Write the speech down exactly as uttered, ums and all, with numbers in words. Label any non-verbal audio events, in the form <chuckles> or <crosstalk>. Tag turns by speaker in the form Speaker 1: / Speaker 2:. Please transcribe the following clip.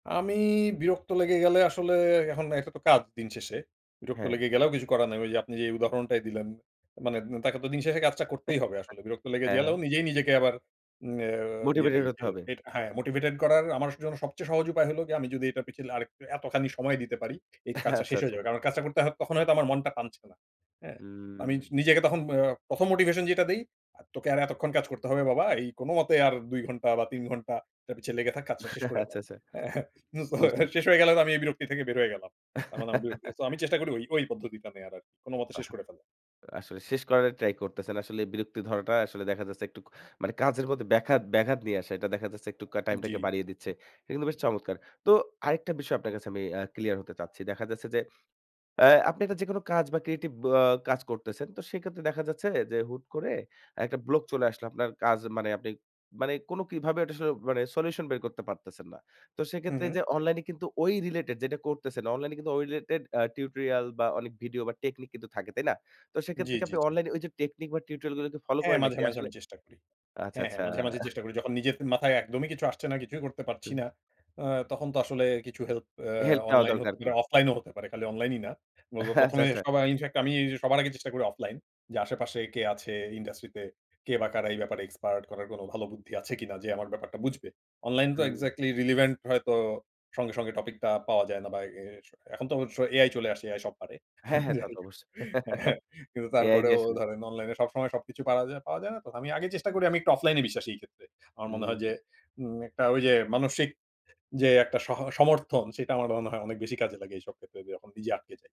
Speaker 1: আমি বিরক্ত লেগে গেলে আসলে এখন এটা তো কাজ, দিন শেষে। বিরক্ত
Speaker 2: হ্যাঁ।
Speaker 1: লেগে গেলেও কিছু করার নাই। ওই যে আপনি যেই উদাহরণটাই দিলেন। মানে উন তাকে তো দিন শেষে কাজটা
Speaker 2: উ
Speaker 1: করতেই হবে আসলে। বিরক্ত লেগে
Speaker 2: আ হ্যাঁ,
Speaker 1: জেলেও,
Speaker 2: হ্যাঁ।
Speaker 1: নিজেই নিজেকে আবার উম আ ইয়ে,
Speaker 2: মোটিভেটেড হতে
Speaker 1: এইযে
Speaker 2: হবে।
Speaker 1: এট হ্যাঁ, মোটিভেটেড করার আমার জন্য সবচেয়ে সহজ উপায় হল গিয়ে, আমি যদি এটার পিছলে আরেকটু এতখানি সময় দিতে পারি, এই
Speaker 2: <chuckles>
Speaker 1: কাজটা
Speaker 2: আচ্ছা,
Speaker 1: শেষ হয়ে
Speaker 2: আচ্ছা।
Speaker 1: যাবে। কারণ কাজটা করতে হয়, তখন হয়তো আমার মনটা টানছে না, হ্যাঁ?
Speaker 2: হুম।
Speaker 1: আমি নিজেকে তখন আ প্রথম মোটিভেশন যেটা দেই? আ "তোকে আর এতক্ষণ কাজ করতে হবে বাবা। এই কোন মতে আর দুই ঘন্টা বা তিন ঘন্টা এটার পিছে লেগে থাক, কাজটা শেষ করে
Speaker 2: <chuckles>
Speaker 1: দাও।"
Speaker 2: আচ্ছা, আচ্ছা।
Speaker 1: হ্যাঁ? সো
Speaker 2: বুঝতে
Speaker 1: এটা শেষ হয়ে গেলে তো আমি এই বিরক্তি থেকে বের হয়ে গেলাম। তার মানে আমার বিরক্তি; তো আমি
Speaker 2: <chuckles>
Speaker 1: চেষ্টা করি ওই, ওই পদ্ধতিটা নেওয়ার আর কি। "কোন মতে শেষ
Speaker 2: বাহ!
Speaker 1: করে ফেলা।"
Speaker 2: আসলে শেষ করার টা ট্রাই করতেছেন। আসলে এই বিরক্তি ধরাটা আসলে দেখা যাচ্ছে একটু, মানে কাজের মধ্যে ব্যাখাত ব্যাঘাত নিয়ে আসে। এটা দেখা যাচ্ছে একটু কা টাইমটাকে
Speaker 1: জ্বী।
Speaker 2: বাড়িয়ে দিচ্ছে। এটা কিন্তু বেশ চমৎকার। তো আরেকটা বিষয় আপনার কাছে আমি আ ক্লিয়ার হতে চাচ্ছি। দেখা যাচ্ছে যে, অ্যা আপনি একটা যেকোনো কাজ বা ক্রিয়েটিভ ব কাজ করতেছেন, তো সেক্ষেত্রে দেখা যাচ্ছে যে, হুট করে একটা ব্লক চলে আসলো। আপনার কাজ মানে, আপনি মানে কোন কিভাবে ওটা আসলে, মানে সলিউশন বের করতে পারতেছেন না। তো
Speaker 1: হু,
Speaker 2: সেক্ষেত্রে এই
Speaker 1: হু।
Speaker 2: যে অনলাইনে কিন্তু ওই রিলেটেড যেটা করতেছেন, অনলাইন এ কিন্তু ওই রিলেটেড আ টিউটোরিয়াল বা অনেক ভিডিও বা টেকনিক কিন্তু থাকে, তাই না? তো সেক্ষেত্রে
Speaker 1: জ্বী,
Speaker 2: কি
Speaker 1: জ্বী,
Speaker 2: আপনি
Speaker 1: জ্বী।
Speaker 2: অনলাইনে ওই যে টেকনিক বা টিউটোরিয়াল গুলোকে ফলো
Speaker 1: হ্যাঁ
Speaker 2: করেন
Speaker 1: মাঝে,
Speaker 2: নাকি
Speaker 1: মাঝে
Speaker 2: আসলে?
Speaker 1: আমি চেষ্টা করি।
Speaker 2: আচ্ছা,
Speaker 1: হ্যাঁ, হ্যাঁ
Speaker 2: আচ্ছা।
Speaker 1: মাঝে, মাঝে চেষ্টা করি। যখন নিজের মাথায় একদমই কিছু আসছে না, কিছুই করতে পারছি না।
Speaker 2: উহু।
Speaker 1: অ্যা তখন তো আসলে কিছু হেল্প অ্যা
Speaker 2: হেল্প নেওয়া
Speaker 1: অনলাইন
Speaker 2: দরকার
Speaker 1: হতে
Speaker 2: আরকি।
Speaker 1: পারে, অফলাইন ও হতে পারে, খালি অনলাইন ই না। উব
Speaker 2: আচ্ছা,
Speaker 1: প্রথমে
Speaker 2: আচ্ছা।
Speaker 1: সবাই ইনফ্যাক্ট, আমি সবার আগে চেষ্টা করি অফলাইন। যে আশেপাশে কে আছে ইন্ডাস্ট্রি তে, কে বা কারা এই ব্যাপারে এক্সপার্ট? করার কোন ভালো বুদ্ধি আছে কিনা যে আমার ব্যাপারটা বুঝবে? অনলাইন তো
Speaker 2: হুম।
Speaker 1: এক্সাক্টলি রিলিভেন্ট হয়তো সঙ্গে, সঙ্গে টপিক টা পাওয়া যায় না বা এই এস এ এখন তো স AI চলে আসে, AI সব পারে।
Speaker 2: হ্যাঁ,
Speaker 1: হ্যাঁ,
Speaker 2: হ্যাঁ, তা
Speaker 1: যাই
Speaker 2: তো
Speaker 1: হোক।
Speaker 2: অবশ্যই।
Speaker 1: হ্যাঁ।
Speaker 2: <chuckles>
Speaker 1: কিন্তু
Speaker 2: এই আইডিয়া
Speaker 1: তারপরেও
Speaker 2: আস
Speaker 1: ধরেন অনলাইন এ সবসময় সবকিছু পারা যায়, পাওয়া যায় না তো। আমি আগে চেষ্টা করি, আমি একটু অফলাইনে বিশ্বাসী এই ক্ষেত্রে। আমার মনে
Speaker 2: হুম।
Speaker 1: হয় যে উম একটা ঐ যে মানসিক যে একটা সহ সমর্থন, সেটা আমার মনে হয় অনেক বেশি কাজে লাগে এইসব ক্ষেত্রে, যখন নিজে আটকে যাই।